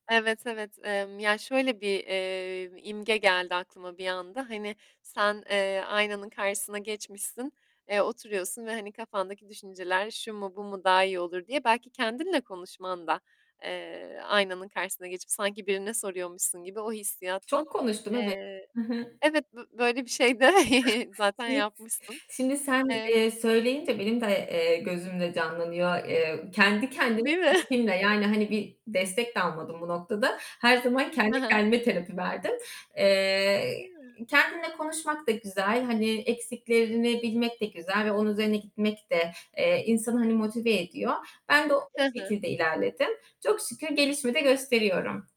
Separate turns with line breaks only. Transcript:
Evet evet, emm, ya şöyle bir, eee, imge geldi aklıma bir anda, hani sen, eee, aynanın karşısına geçmişsin, eee, oturuyorsun ve hani kafandaki düşünceler şu mu, bu mu, daha iyi olur diye belki kendinle konuşman da, eee, aynanın karşısına geçip sanki birine soruyormuşsun gibi, o hissiyattan,
Çok konuştum, eve
eee,
Hı hı.
evet bö böyle bir şey de zaten
[unintelligible]
yapmışsın.
Şimdi sen,
Emm
eee, söyleyince benim de, eee, gözümde canlanıyor. Eee, kendi kendime,
Değil mi?
[unintelligible] yani, hani bir destek de almadım bu noktada, her zaman
He
kendi
he.
kendime terapi verdim. Eee,
Ya.
kendinle konuşmak da güzel, hani eksiklerini bilmek de güzel ve onun üzerine gitmek de, eee, insanı hani motive ediyor. Ben de o
Hı hı.
şekilde ilerledim. Çok şükür gelişme de gösteriyorum.